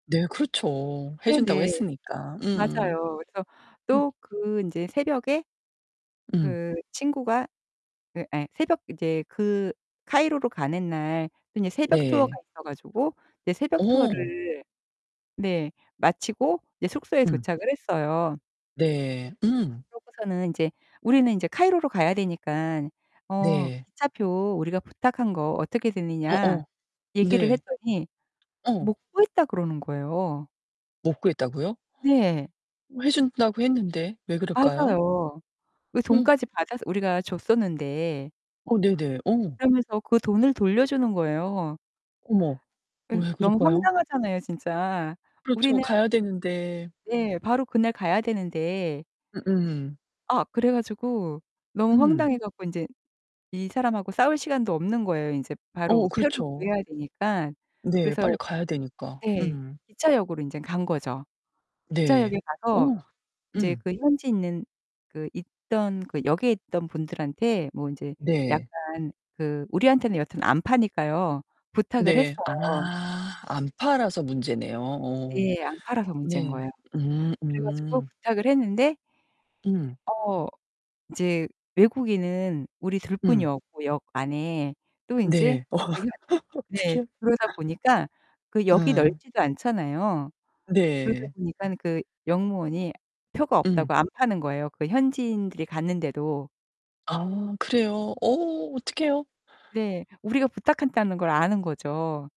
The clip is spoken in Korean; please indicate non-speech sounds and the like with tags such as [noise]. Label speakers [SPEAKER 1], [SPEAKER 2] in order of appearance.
[SPEAKER 1] 네. 그렇죠. 해 준다고
[SPEAKER 2] 네네.
[SPEAKER 1] 했으니까. 음음.
[SPEAKER 2] 맞아요. 그래서
[SPEAKER 1] 네.
[SPEAKER 2] 또 그 인제 새벽에
[SPEAKER 1] 음.
[SPEAKER 2] 그 친구가 그 예 새벽 인제 그 카이로로 가는 날 그 인제 새벽 투어가
[SPEAKER 1] 네.
[SPEAKER 2] 있어 가지고 이제 새벽
[SPEAKER 1] 어.
[SPEAKER 2] 투어를 네 마치고 이제 숙소에
[SPEAKER 1] 음.
[SPEAKER 2] 도착을 했어요.
[SPEAKER 1] 네. 음.
[SPEAKER 2] 그러고서는 인제 "우리는 인제 카이로로 가야 되니깐 어
[SPEAKER 1] 네.
[SPEAKER 2] 기차표 우리가 부탁한 거 어떻게 되느냐?"
[SPEAKER 1] 어어.
[SPEAKER 2] 얘기를
[SPEAKER 1] 네.
[SPEAKER 2] 했더니
[SPEAKER 1] 어.
[SPEAKER 2] "못 구했다." 그러는 거예요.
[SPEAKER 1] 못 구했다고요?
[SPEAKER 2] 네.
[SPEAKER 1] [gasps] 어 해 준다고 했는데 왜 그럴까요?
[SPEAKER 2] 맞아요. 그
[SPEAKER 1] 음.
[SPEAKER 2] 돈까지 받아서 우리가 줬었는데.
[SPEAKER 1] 어 네네. 어.
[SPEAKER 2] 그러면서 그 돈을 돌려주는 거예요.
[SPEAKER 1] 어머.
[SPEAKER 2] 은
[SPEAKER 1] 왜
[SPEAKER 2] 너무
[SPEAKER 1] 그럴까요?
[SPEAKER 2] 황당하잖아요 진짜.
[SPEAKER 1] 그렇죠.
[SPEAKER 2] 우리는
[SPEAKER 1] 가야 되는데.
[SPEAKER 2] 예, 바로 그날 가야 되는데.
[SPEAKER 1] 음음.
[SPEAKER 2] 아. 그래 가지고 너무
[SPEAKER 1] 음.
[SPEAKER 2] 황당해 갖고 인제 이 사람하고 싸울 시간도 없는 거예요, 인제
[SPEAKER 1] 어
[SPEAKER 2] 바로 표를
[SPEAKER 1] 그렇죠.
[SPEAKER 2] 구해야 되니깐.
[SPEAKER 1] 네. 빨리
[SPEAKER 2] 그래서
[SPEAKER 1] 가야 되니까.
[SPEAKER 2] 네
[SPEAKER 1] 음.
[SPEAKER 2] 기차역으로 인젠 간 거죠.
[SPEAKER 1] 네.
[SPEAKER 2] 기차역에
[SPEAKER 1] 어.
[SPEAKER 2] 가서 인제
[SPEAKER 1] 음.
[SPEAKER 2] 그 현지에 있는 그 있던 그 역에 있던 분들한테 뭐 인제
[SPEAKER 1] 네.
[SPEAKER 2] 약간 그 우리한테는 여튼 안 파니까요. 부탁을 했어요.
[SPEAKER 1] 네. 아. 안 팔아서 문제네요 오.
[SPEAKER 2] 네. 안 팔아서 문제인
[SPEAKER 1] 네.
[SPEAKER 2] 거예요.
[SPEAKER 1] 음
[SPEAKER 2] 그래 가지고
[SPEAKER 1] 음.
[SPEAKER 2] 부탁을 했는데
[SPEAKER 1] 음.
[SPEAKER 2] 어 인제 외국인은 우리 둘
[SPEAKER 1] 음.
[SPEAKER 2] 뿐이었고 역 안에. 또 인제
[SPEAKER 1] 네. 어어
[SPEAKER 2] 저희가 네.
[SPEAKER 1] 어떡해요.
[SPEAKER 2] 그러다 보니까 그 역이
[SPEAKER 1] 음.
[SPEAKER 2] 넓지도 않잖아요. 그러다
[SPEAKER 1] 네.
[SPEAKER 2] 보니까는 그 역무원이 표가
[SPEAKER 1] 음.
[SPEAKER 2] 없다고 안 파는 거예요 그 현지인들이 갔는데도.
[SPEAKER 1] 아 그래요? 어 어떡해요?
[SPEAKER 2] 네. 우리가 부탁했다는 걸 아는 거죠.